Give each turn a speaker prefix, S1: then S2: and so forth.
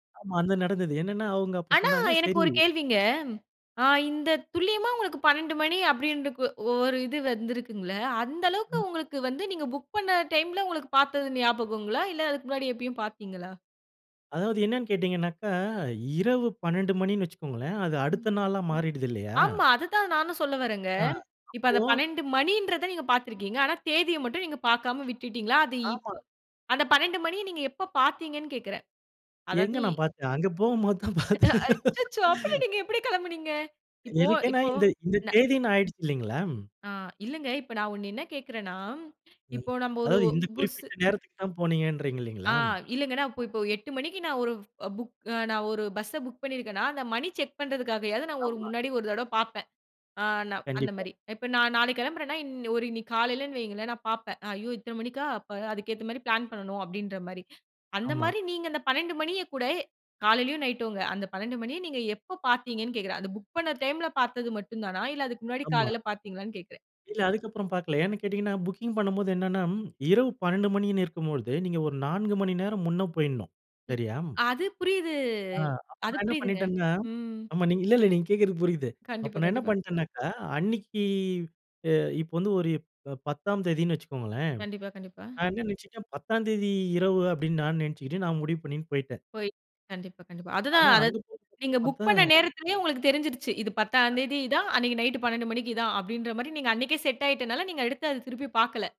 S1: ஆமா, அது நடந்தது. என்னென்னா, அவுங்க அப்போ
S2: ஆனா,
S1: சொன்னாங்க
S2: எனக்கு
S1: சரி...
S2: ஒரு கேள்விங்க? ஆ இந்த துல்லியமா உங்களுக்கு 12 மணி அப்படின்ற ஓ ஒரு இது வந்திருக்குங்களல்ல, அந்த அளவுக்க
S1: ம்.
S2: உங்களுக்கு வந்து நீங்க புக் பண்ண டைம்ல, உங்களுக்கு பார்த்தது ஞாபகங்களா? இல்ல அதுக்கு முன்னாடி எப்பயும் பார்த்தீங்களா?
S1: அதாவது என்னனன்னு கேட்டீங்கனாக்க, இரவு 12 மணின்னு வைச்சுக்கோங்களேன், அது
S2: ம்.
S1: அடுத்த நாளா மாறிடுது இல்லயா?
S2: ஆமா. அதுதான் நானும் சொல்ல வர்றேங்க.
S1: ஆ.
S2: இப்ப
S1: அப்போ
S2: அந்த 12 மணின்றத நீங்க பார்த்துருக்கீங்க, ஆனா தேதியை மட்டும் நீங்க பார்க்காம விட்டுட்டீங்களா? அது
S1: ஆமாங்க.
S2: இப்-அந்த 12 மணிய நீங்க எப்போ பார்த்தீங்கன்னு கேக்றேன்?
S1: எங்கே
S2: அதாவது...
S1: நான் பார்த்தேன்? அங்கே போகும்போது தான் பார்த்தேன்.
S2: அச்சச்சோ! அப்ப நீங்க எப்டி கெளம்புனீங்க? இப்போ,
S1: எனக்கென்னா
S2: இப்போ
S1: இந் -இந்த தேதினு ஆயிடுச்சு இல்லைங்களா?
S2: ஆ இல்லங்க, இப்ப நான் ஒண்ணு என்ன கேக்றன்னா,
S1: ம்,
S2: இப்போ நம்ம ஒரு
S1: அதாவது இந்த
S2: புஸ்ஸு...
S1: குறிப்பிட்ட நேரத்துக்கு தான் போனீங்கன்றீங்க
S2: ஆ
S1: இல்லைங்களா?
S2: இல்லைங்க நான் இப்போ இப்போ 8 மணிக்கு நான் ஒரு புக், நான் ஒரு பஸ்ஸ புக் பண்ணிருக்கேனா, அந்த மணி செக் பண்ணுறதுக்காயாவது நான் ஒரு
S1: ஆமா.
S2: முன்னாடி ஒரு தடவ பார்ப்பேன். அ நான் அந்த
S1: கண்டிப்பா.
S2: மாரி இப்ப நான் நாளைக்கு கெளம்புறேன்னா இன் ஒரு இன்னைக்கி காலையிலன்னு வையுங்களேன், நான் பார்ப்பேன்.ஐயோ இத்தனை மணிக்கா? அப்போ அதுக்கேத்த மாரி பிளான் பண்ணணும் அப்படின்ற மாரி. அந்த
S1: ஆமா.
S2: மாரி நீங்க அந்த 12 மணிய கூட, காலையிலயும் நைட்டும்ங்க அந்த 12 மணிய நீங்க எப்போ பார்த்தீங்கன்னு கேக்றேன்? அந்த புக் பண்ண டைம்ல பார்த்தது மட்டும் தானா, இல்ல அதுக்கு முன்னாடி
S1: ஆமா.
S2: காலையில பார்த்தீங்களான்னு கேட்டேன்.
S1: இல்ல. அதுக்கப்புறம் பார்க்கல. ஏன்னு கேட்டீங்கன்னா புக்கிங் பண்ணும்போது என்னென்னா, இரவு 12 மணின்னு இருக்கும்பொழுது நீங்க ஒரு 4 மணி நேரம் முன்ன போயிடணும்,
S2: ம்.
S1: சரியா?
S2: அது புரியுது.
S1: ஆ. அப்ப
S2: அது
S1: நான் என்ன
S2: புரியுதுங்க
S1: பண்ணிட்டேன்னா,
S2: ம்.
S1: ஆமா. நீங்க இல்ல இல்ல நீங்க கேக்றது புரிது, அப்ப
S2: கண்டிப்பா,
S1: நான் என்ன
S2: கண்டிப்பா.
S1: பண்ணிட்டேனாக்கா, அன்னிக்கு அ இப்ப வந்து ஒரு ப 10 ஆம் தேதின்னு வைச்சுக்கோங்களேன்,
S2: கண்டிப்பா, கண்டிப்பா.
S1: நான் என்ன நெனைச்சிக்கிட்டேன், 10 ஆம் தேதி இரவு அப்டினு நான் நெனைச்சுட்டு, நான் முடிவு பண்ணிட்டு போய்ட்டேன்.
S2: போய். கண்டிப்பா, கண்டிப்பா, அதுதான்
S1: ஆனா,
S2: அத
S1: அங்கு போய்
S2: நீங்க புக் பண்ண
S1: பார்த்தா
S2: நேரத்திலயே உங்களுக்கு தெரிஞ்சிருச்சு. இது 10
S1: [unintelligible]
S2: தேதிதான், அன்னைக்கு நைட் 12 மணிக்கு தான், அப்படின்ற மாரி நீங்க அன்னைக்கே செட் ஆயிட்டனால, நீங்க எடுத்து அதை திருப்பி பார்க்கல.